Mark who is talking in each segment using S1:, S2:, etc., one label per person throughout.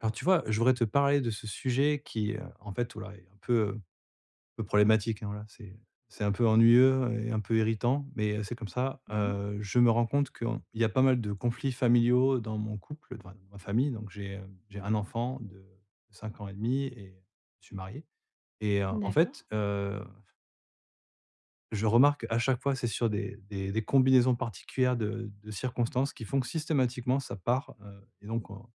S1: Alors, tu vois? Je voudrais te parler de ce sujet qui, heu, en fait, voilà, est un peu, heu, peu problématique, hein, voilà. C'est c'est un peu ennuyeux, et un peu irritant, mais heu, c'est comme ça.
S2: Mmh mh.
S1: Heu, je me rends compte que en il y a pas mal de conflits familiaux dans mon couple, d enfin dans ma famille, donc j'ai, hem, j'ai un enfant de 5 ans et demi, et je suis marié, et heu, en
S2: D'accord.
S1: fait, heu je remarque, à chaque fois, c'est sur des des des combinaisons particulières de de circonstances, qui font que, systématiquement, ça part, heu, et donc on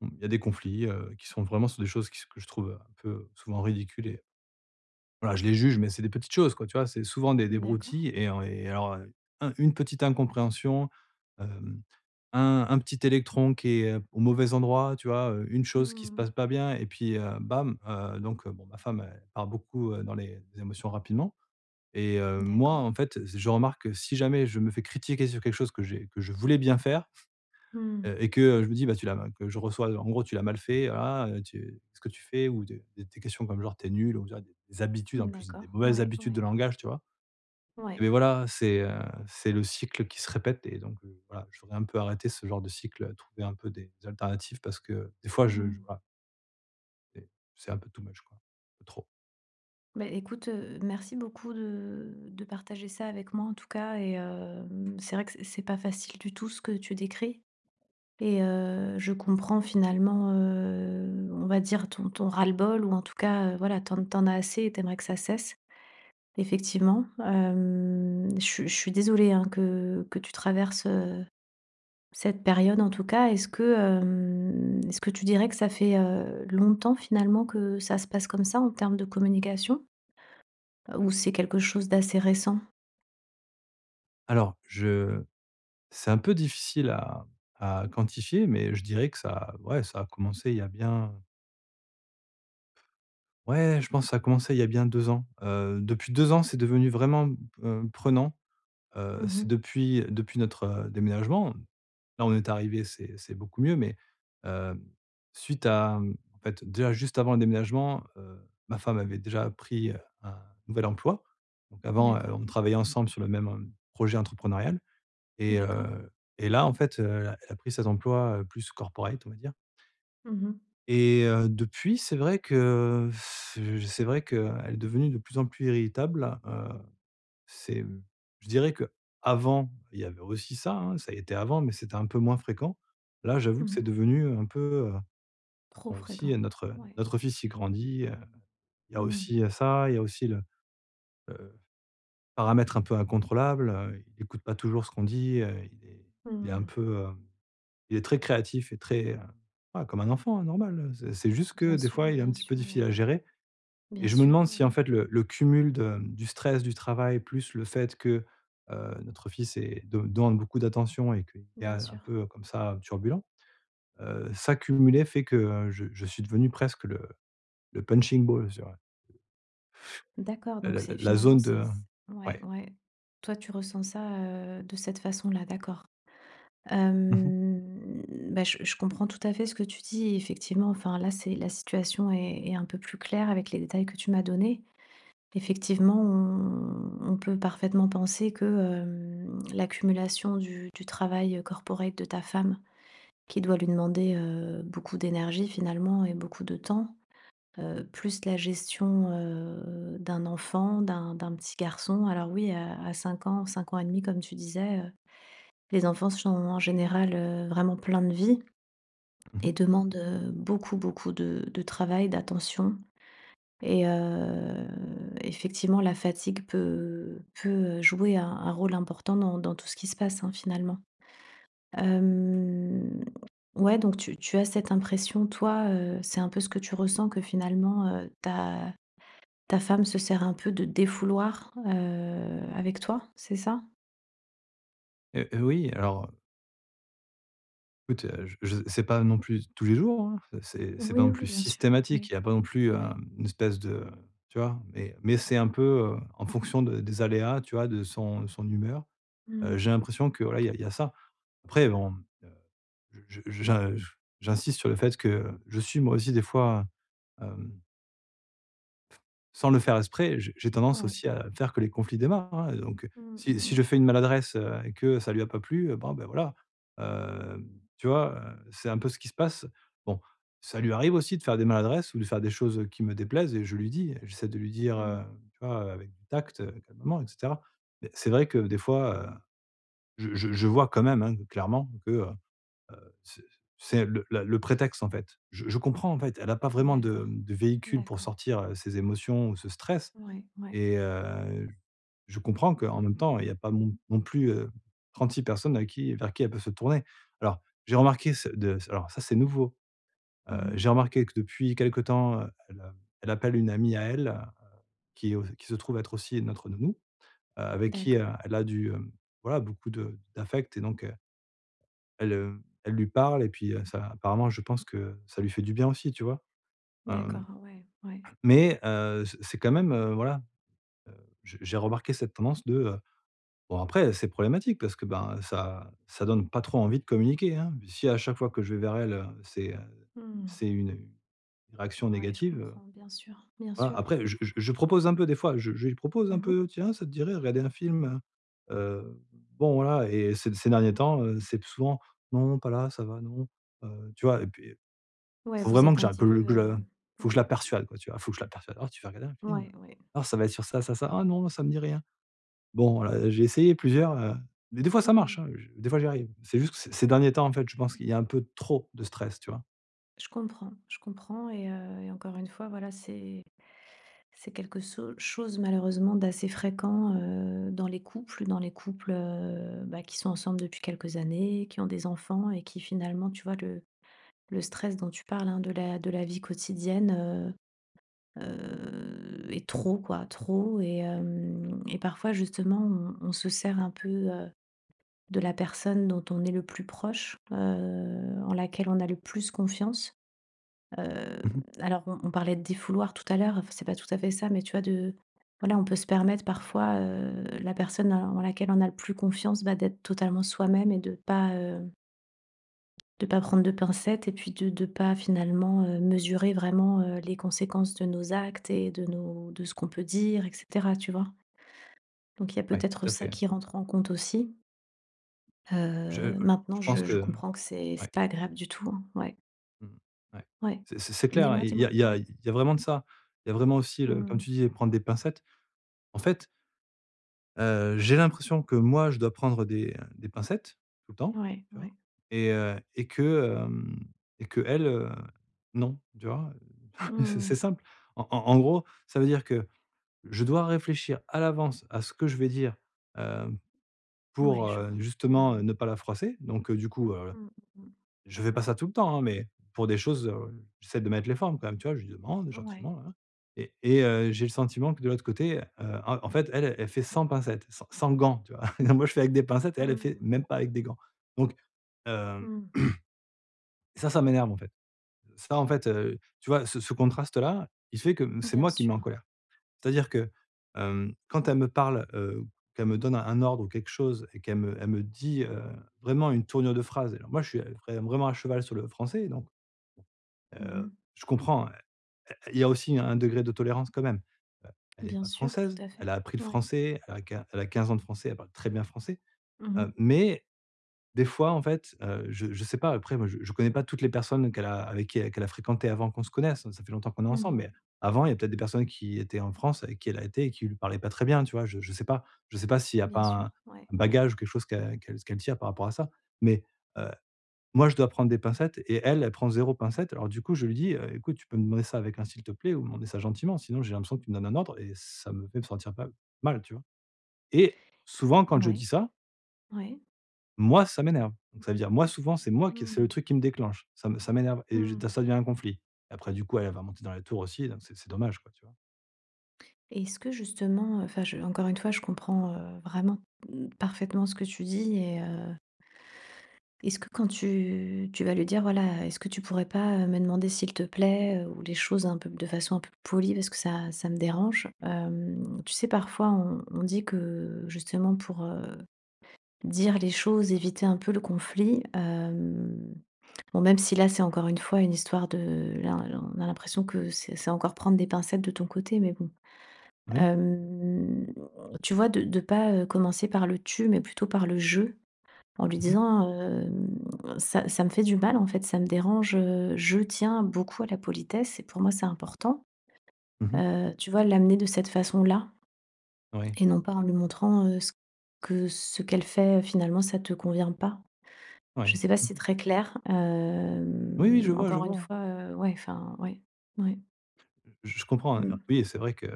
S1: on il y a des conflits, heu, qui sont vraiment sur des choses qui se que je trouve un peu, heu souvent ridicule et voilà je les juge mais c'est des petites choses quoi, tu vois? C'est souvent des des
S2: D'accord.
S1: broutilles et en et alors, heu, un une petite incompréhension, hem, un un petit électron qui est au mauvais endroit, tu vois? Heu, une chose qui se passe
S2: Mmh.
S1: pas bien et puis, heu, bam, heu, donc heu, bon ma femme elle part beaucoup, heu, dans les émotions rapidement. Et heu, moi
S2: D'accord.
S1: en fait z je remarque que si jamais je me fais critiquer sur quelque chose que j'ai que je voulais bien faire,
S2: Mmh.
S1: heu, et que, heu, je me dis: «bah tu l'as» que je reçois, heu en gros tu l'as mal fait. Ah, heu, tu ce que tu fais ou de des questions comme genre tu es nul on dirait des des habitudes en plus, des
S2: D'accord.
S1: mauvaises
S2: Ouais,
S1: habitudes de
S2: ouais.
S1: langage, tu vois?
S2: Ouais.
S1: Et beh voilà, c'est, heu, c'est le cycle qui se répète et donc heu, voilà je voudrais un peu arrêter ce genre de cycle. Trouver un peu des alternatives parce que des fois je je
S2: Mmh.
S1: voilà et c'est un peu, too much, quoi, trop.
S2: Beh, écoute, heu, merci beaucoup de de partager ça avec moi en tout cas et hem, c'est vrai que c'est c'est pas facile du tout ce que tu décris. Et heu, je comprends finalement, heu, on va dire ton ton ras-le-bol ou en tout cas, heu, voilà tu en tu en as assez et tu aimerais que ça cesse, effectivement. Hem, je suis je suis désolée hein, que que tu traverses, heu, cette période en tout cas. Est-ce que, hem, est-ce que tu dirais que ça fait, heu, longtemps finalement que ça se passe comme ça en termes de communication? Heu, ou c'est quelque chose d'assez récent?
S1: Alors je c'est un peu difficile à à quantifier mais je dirais que ça ouais ça a commencé il y a bien ouais je pense ça a commencé il y a bien 2 ans. Heu, depuis 2 ans c'est devenu vraiment, mmh, heu, prenant, heu,
S2: Mmh
S1: c'est
S2: mh.
S1: depuis depuis notre déménagement. Là on est arrivés, c'est c'est beaucoup mieux mais hem, suite à mmh en fait, déjà juste avant le déménagement, heu, ma femme avait déjà pris un nouvel emploi. Donc avant, heu,
S2: D'accord.
S1: on travaillait ensemble sur le même, heu, projet entrepreneurial. Et
S2: D'accord.
S1: heu, et là en fait, heu, elle a elle a pris cet emploi, heu, plus corporate on va dire
S2: Mmh mh.
S1: et heu, depuis, c'est vrai que heu heu, c'est vrai qu'elle est devenue de plus en plus irritable, heu, c'est, mmh, je dirais qu'avant, il y avait aussi ça hein, ça y était avant, mais c'était un peu moins fréquent. Là, j'avoue
S2: Mmh
S1: que c'est
S2: mh.
S1: devenu, heu, un peu, heu,
S2: Trop
S1: bon aussi il y
S2: fréquent.
S1: a notre
S2: Ouais.
S1: notre fils il grandit, heu, il y a
S2: Mmh mh.
S1: aussi, heu, ça, il y a aussi le, heu, paramètre un peu incontrôlable, heu, il écoute pas toujours ce qu'on dit, heu, il est
S2: Mmh
S1: il est un
S2: mh.
S1: peu, heu, il est très créatif et très, heu, bah, comme un enfant hein, normal, heu, c'est c'est juste que
S2: Bien
S1: des fois
S2: sûr,
S1: il est un
S2: bien
S1: petit peu
S2: sûr
S1: difficile à
S2: mais
S1: gérer. Et
S2: bien
S1: je me
S2: sûr.
S1: demande
S2: Ouais,
S1: si en
S2: ouais.
S1: fait le le cumul de, mmh, du stress du travail plus le fait que, heu, notre fils est de demande beaucoup d'attention et qu'il est
S2: Bien
S1: un
S2: sûr.
S1: peu, heu, comme ça, heu, turbulent, heu, ça cumulé fait que, heu, je je suis devenu presque le le punching balls, tu vois?
S2: D'accord
S1: Heu,
S2: donc
S1: la la
S2: c'est
S1: la
S2: finalement
S1: zone
S2: c'est
S1: de
S2: c ouais,
S1: ouais.
S2: ouais. Toi tu ressens ça, heu, de cette façon-là, d'accord.
S1: Mmh mh.
S2: Hem, bah, je je comprends tout à fait ce que tu dis, et effectivement enfin là c'est la situation est est un peu plus claire avec les détails que tu m'as donnés. Effectivement on on peut parfaitement penser que, hem, l'accumulation du du travail corporate de ta femme, qui doit lui demander, heu, beaucoup d'énergie finalement et beaucoup de temps, heu, plus la gestion, heu, d'un enfant d'un d'un petit garçon alors oui à à 5 ans, 5 ans et demi comme tu disais, heu, les enfants sont en général, heu, vraiment plein de vie.
S1: Mmh
S2: Et
S1: mh.
S2: demandent, heu, beaucoup beaucoup de de travail, d'attention et heu, effectivement la fatigue peut, heu, peut, heu, jouer un un rôle important dans dans tout ce qui se passe hein finalement. Hem, ouais donc tu tu as cette impression toi, heu, c'est un peu ce que tu ressens que finalement, heu, ta ta femme se sert un peu de défouloir, heu, avec toi, c'est ça?
S1: Heu heu, oui alors heu écoute je j c'est pas non plus tous les jours, hein, c'est c'est pas
S2: Oui, oui,
S1: non
S2: oui,
S1: plus
S2: bien sûr,
S1: systématique,
S2: oui,
S1: il y a pas non plus un
S2: oui.
S1: une espèce de tu vois? Mais mais c'est un peu, heu, en fonction de des aléas, tu vois? De son de son humeur.
S2: Mmh
S1: Heu,
S2: mh.
S1: j'ai l'impression que voilà il y a il y a ça. Après bon, heu, je je je j'insiste sur le fait que je suis moi aussi des fois heu, hem sans le faire exprès, heu, j'ai j'ai tendance
S2: Oui.
S1: aussi à faire que les conflits démarrent hein. Et donc heu,
S2: Mmh,
S1: si
S2: mmh
S1: si
S2: mh.
S1: je fais une maladresse, heu, et que ça lui a pas plu, heu, bon ben voilà, hem, tu vois? Heu, c'est un peu ce qui se passe. Bon, ça lui arrive aussi de faire des maladresses ou de faire des choses, heu, qui me déplaisent et je lui dis. J'essaie de lui dire,
S2: Mmh
S1: heu,
S2: mh.
S1: tu vois? Hem, avec du tact, heu, calmement et cetera. Mais c'est vrai que des fois, heu, je je je vois quand même, hein, clairement que, heu heu, c'est c'est le la le prétexte en fait. Je je comprends en fait. Elle a pas vraiment de,
S2: D'accord,
S1: mmh, de véhicule pour
S2: d'accord.
S1: sortir, heu, ces émotions ou ce stress,
S2: Ouais, ouais.
S1: et heu, je comprends qu'en même temps, il y a pas non non plus, heu, 36 personnes avec qui vers qui elle peut se tourner. Alors j'ai remarqué ce de s alors ça c'est nouveau.
S2: Mmh
S1: Heu,
S2: mh.
S1: j'ai remarqué que depuis quelque temps, heu, elle, heu, elle appelle une amie à elle, heu, qui au qui se trouve être aussi notre nounou, heu, avec qui, heu,
S2: D'accord.
S1: elle a du hem, voilà beaucoup de d'affect et donc heu elle, heu, elle lui parle et puis, heu, ça apparemment je pense que ça lui fait du bien aussi tu vois? Hem,
S2: D'accord. Ouais, ouais.
S1: mais heu, c'est c'est quand même, heu, voilà, heu, je j'ai remarqué cette tendance de, heu, bon après, heu, c'est problématique, parce que ben ça ça donne pas trop envie de communiquer hein. Puis si à chaque fois que je vais vers elle, heu, c'est, heu,
S2: Mmh.
S1: c'est une réaction
S2: Ouais je
S1: négative, heu,
S2: comprends. Bien sûr, bien
S1: voilà
S2: sûr.
S1: après, je je je propose un peu des fois, je je lui propose un
S2: Mmh mh.
S1: peu: «Tiens, ça te dirait à regarder un film, heu?», heu, bon voilà et ces ces derniers temps, heu, c'est plus souvent: «Non pas là, ça va non», heu, tu vois? Et puis,
S2: Ouais
S1: faut
S2: vous
S1: vraiment
S2: êtes
S1: que
S2: un
S1: je la
S2: petit peu,
S1: que que je
S2: heu,
S1: la faut je
S2: ouais.
S1: la persuade quoi, tu vois? Faut que je la persuade: «Alors tu veux regarder un film?
S2: Ouais, ouais.
S1: Alors ça va être sur ça, ça, ça, "ah non ça me dit rien"». Bon, heu, j'ai essayé plusieurs, heu, mais des fois ça marche
S2: Mmh.
S1: hein, je des fois j'y arrive. C'est juste que ces ces derniers temps en fait, je pense qu'il y a un peu trop de stress tu vois?
S2: Je comprends je comprends et, heu, et encore une fois voilà c'est c'est quelque so chose malheureusement d'assez fréquent, heu, dans les couples dans les couples, heu, bah, qui sont ensemble depuis quelques années, qui ont des enfants et qui finalement tu vois? Le le stress dont tu parles hein, de la de la vie quotidienne, heu, heu, est trop quoi. Trop et hem, et parfois justement on on se sert un peu, heu, de la personne dont on est le plus proche, heu, en laquelle on a le plus confiance, heu,
S1: Mmh mh.
S2: alors on on parlait de défouloir tout à l'heure, f c'est pas tout à fait ça mais tu vois? De voilà on peut se permettre parfois, heu, la personne en laquelle on a le plus confiance bah d'être totalement soi-même et de pas, heu de pas prendre de pincettes et puis de de pas finalement, heu, mesurer vraiment, heu, les conséquences de nos actes et de nos de ce qu'on peut dire et cetera, tu vois? Donc il y a
S1: Ouais
S2: peut-être
S1: tout à
S2: ça
S1: fait.
S2: qui rentre en compte aussi
S1: Je, heu,
S2: heu, maintenant
S1: je
S2: je
S1: pense
S2: je
S1: que,
S2: comprends que c'est c'est
S1: ouais.
S2: pas agréable du tout hein, ouais.
S1: Mmh, ouais,
S2: Ouais,
S1: c'est c'est c'est clair, hein.
S2: dis-moi,
S1: Il y
S2: dis-moi,
S1: a il y a
S2: ouais.
S1: il y a vraiment de ça. Il y a vraiment aussi le, comme
S2: Mmh.
S1: tu disais, prendre des pincettes. En fait heu, j'ai l'impression que moi je dois prendre des, heu, des pincettes tout le temps,
S2: Ouais,
S1: tu vois?
S2: ouais.
S1: Et heu, et que, hem, et qu'elle, heu, non, tu vois?
S2: Mmh
S1: Heu, c'est c'est
S2: mh.
S1: simple. En en en gros, ça veut dire que, je dois réfléchir à l'avance à ce que je vais dire, heu,
S2: Ouais
S1: pour,
S2: je
S1: heu,
S2: vois, mmh
S1: justement, heu,
S2: mh.
S1: ne pas la froisser, donc du coup, heu,
S2: Mmh mmh.
S1: je fais pas ça tout le temps hein, mais pour des choses, heu, j'essaie de mettre les formes quand même tu vois? Je lui demande
S2: Ouais.
S1: gentiment nin nin, et et heu, j'ai le sentiment que de l'autre côté, heu, en en fait, elle elle fait sans pincettes, sans sans gants, tu vois?? Alors moi je fais avec des pincettes et elle elle fait
S2: Mmh.
S1: même pas avec des gants. Donc hem
S2: Mmh.
S1: et ça, ça m'énerve en fait. Ça en fait, heu, tu vois? Ce ce contraste-là, il fait que c'est
S2: Bien
S1: moi qui me mets en
S2: sûr.
S1: colère. C'est-à-dire que, hem, quand elle me parle, heu, qu'elle me donne un ordre ou quelque chose et qu'elle me elle me dit, heu, vraiment une tournure de phrase, alors moi je suis, heu, vrai vraiment à cheval sur le français et donc,
S2: Mmh mh.
S1: heu, je comprends hein, heu, il y a aussi un degré de tolérance quand même. Heu, elle est
S2: Bien
S1: pas
S2: sûr tout
S1: française,
S2: à
S1: elle
S2: fait,
S1: a appris le
S2: ouais.
S1: français, elle a quin elle à 15 ans de français, elle parle très bien français,
S2: Mmh
S1: heu,
S2: mh.
S1: mais des fois en fait, heu je je sais pas après moi je je connais pas toutes les personnes qu'elle a avec qui qu'elle a fréquentées avant qu'on se connaisse, ça fait longtemps qu'on est
S2: Mmh
S1: ensemble. Mais
S2: mh.
S1: avant, il y a peut-être des personnes qui étaient en France avec qui, elle a été et qui lui parlaient pas très bien, tu vois? Je je sais pas je sais pas s'il y a pas
S2: Bien
S1: un
S2: sûr, ouais,
S1: un
S2: ouais.
S1: bagage ou quelque chose qu'elle qu'elle ce qu'elle tient par rapport à ça, mais heu, moi, je dois prendre des pincettes et elle, elle prend 0 pincettes alors du coup je lui dis: «Heu écoute, tu peux me demander ça avec un, s'il te plaît ou demander ça gentiment sinon j'ai l'impression que tu me donnes un ordre et ça me fait me sentir, pas, mal, tu vois?» et
S2: Et
S1: souvent quand je dis
S2: ouais,
S1: ça
S2: ouais.
S1: Moi ça m'énerve, donc ça veut dire, moi souvent c'est moi qui c'est le
S2: Mmh.
S1: truc qui me déclenche. Ça me ça m'énerve, et je
S2: Mmh.
S1: ça devient un conflit. Après, du coup, elle va monter dans les tours aussi, donc c'est c'est dommage quoi, tu vois?
S2: Et est-ce que, justement, heu, enfin, je encore une fois, je comprends, heu, vraiment, mmh, parfaitement ce que tu dis et heu est-ce que quand tu tu vas lui dire: «Voilà est-ce que tu pourrais pas me demander s'il te plaît, heu, ou les choses un peu de façon un peu polie parce que ça ça me dérange». Hem, tu sais parfois on on dit que justement pour, heu, dire les choses, éviter un peu le conflit, hem bon même si là c'est encore une fois une histoire de là là, on a l'impression que c'est c'est encore prendre des pincettes de ton côté, mais bon.
S1: Oui.
S2: Hem, tu vois de de pas, heu, commencer par le «tu» mais plutôt par le «je», en lui
S1: Mmh mh.
S2: disant, hem: «ça ça me fait du mal en fait, ça me dérange, heu, je tiens beaucoup à la politesse et pour moi c'est important».
S1: Mmh mh.
S2: Heu, tu vois l'amener de cette façon-là?
S1: Ouais.
S2: Et non pas en lui montrant, heu, ce que ce qu'elle fait finalement ça te convient pas. Je
S1: Ouais.
S2: sais pas si
S1: Mmh
S2: c'est
S1: mh.
S2: très clair,
S1: Oui, oui,
S2: hem,
S1: je vois, je
S2: encore une
S1: vois, hein.
S2: fois ouais enfin, ouais, ouais.
S1: Je je comprends, hein,
S2: Mmh.
S1: oui et c'est vrai que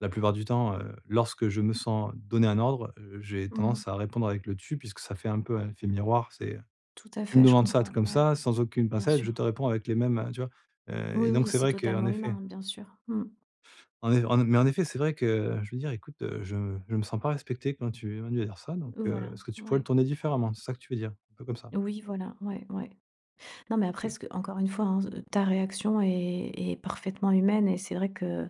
S1: la plupart du temps, heu, lorsque je me sens donné un ordre, heu, j'ai
S2: Mmh
S1: tendance
S2: mh.
S1: à répondre avec le «tu» puisque ça fait un peu un effet miroir. C'est
S2: Tout à
S1: tu me
S2: fait, je
S1: demandes ça
S2: comprends,
S1: truc comme
S2: ouais.
S1: ça, sans aucune
S2: Bien
S1: pincette, je
S2: sûr.
S1: te réponds avec les mêmes heu, tu vois? Heu, et
S2: Oui,
S1: donc
S2: oui,
S1: c'est
S2: c'est
S1: vrai qu'en
S2: totalement
S1: effet
S2: humain, bien sûr. Mmh.
S1: En ef en é mais en effet c'est vrai que, je veux dire: «écoute, heu, je je me sens pas respecté quand tu es venu à dire ça donc heu,
S2: Voilà.
S1: est-ce que tu pourrais le
S2: Ouais.
S1: tourner différemment», c'est ça que tu veux dire? Un peu comme ça.
S2: Oui voilà. Ouais ouais. Non mais après ce
S1: OK.
S2: que encore une fois hein s heu, ta réaction est est parfaitement humaine et c'est vrai que, heu,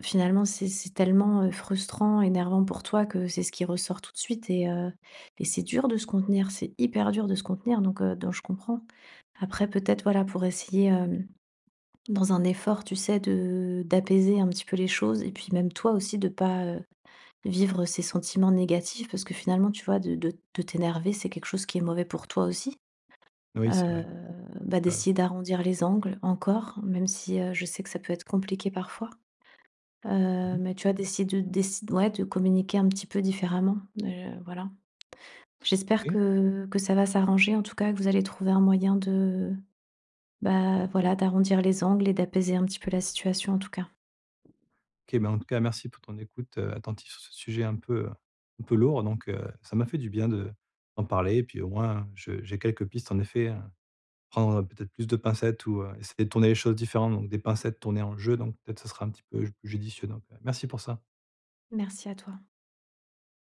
S2: finalement c'est c'est tellement, heu, frustrant, énervant pour toi, que c'est ce qui ressort tout de suite et heu, et c'est dur de se contenir, c'est hyper dur de se contenir donc heu, donc je comprends. Après peut-être voilà pour essayer, hem, dans un effort tu sais de d'apaiser un petit peu les choses, et puis même toi aussi de pas, heu, vivre ces sentiments négatifs, parce que finalement tu vois? De de de t'énerver c'est quelque chose qui est mauvais pour toi aussi.
S1: Oui, c'est
S2: Heu,
S1: vrai.
S2: bah
S1: Tu as raison.
S2: d'essayer d'arrondir les angles encore, même si, heu, je sais que ça peut être compliqué parfois.
S1: Mmh
S2: Heu,
S1: mh.
S2: mais tu as décid heu, décid ouais de communiquer un petit peu différemment, heu, voilà. J'espère
S1: OK.
S2: que que ça va s'arranger en tout cas, que vous allez trouver un moyen de bah, voilà d'arrondir les angles et d'apaiser un petit peu la situation en tout cas.
S1: OK, ben en tout cas merci pour ton écoute, heu, attentive sur ce sujet un peu, heu, un peu lourd, donc heu, ça m'a fait du bien de d'en parler, et puis au moins je j'ai quelques pistes en effet hein. Prendre, heu, peut-être plus de pincettes ou heu, essayer de tourner les choses différemment donc des pincettes tournées en «je» donc peut-être ça sera un petit peu j judicieux, donc heu, merci pour ça.
S2: Merci à toi.